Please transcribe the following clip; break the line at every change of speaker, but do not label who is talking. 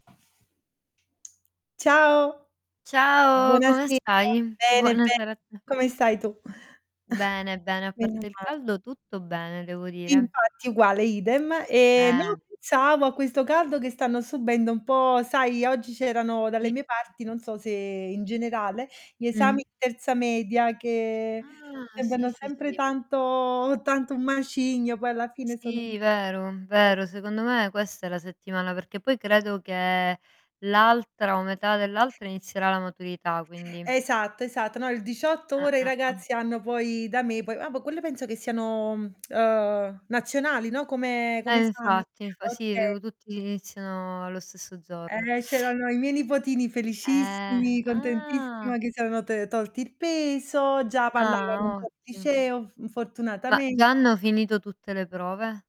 Ciao.
Ciao, come
Buonasera.
stai?
Bene, be
Buonasera a te.
come stai tu?
Bene, bene, a
Meno
parte il
male.
caldo, tutto bene devo dire.
Infatti, uguale idem. Ehm, no,
Eh.
pensavo a questo caldo che stanno subendo un po' sai, oggi c'erano
I,
dalle
i.
mie parti, non so se in generale, gli esami
Mh.
di terza media che
Ah, sì,
sembrano
sì,
sempre
sì.
tanto tanto un macigno, poi alla fine sono
Sì, vero,
eh.
vero, secondo me questa è la settimana, perché poi credo che l'altra o metà dell'altra inizierà la maturità, quindi.
Esatto, esatto, no il 18,
Eh,
ora i
eh, eh.
ragazzi hanno poi da me po ah ma quello penso che siano, uhm, nazionali no, come
E
come esami.
infatti, infa sì
Okay.
dico tutti iniziano allo stesso giorno.
Eh, c'erano i miei nipotini
Eh,
felicissimi, contentissima
ah.
che siano te tolti il peso, già parlavano un
Ah,
po' di
otti
liceo f
Ma già
fortunatamente.
hanno finito tutte le prove?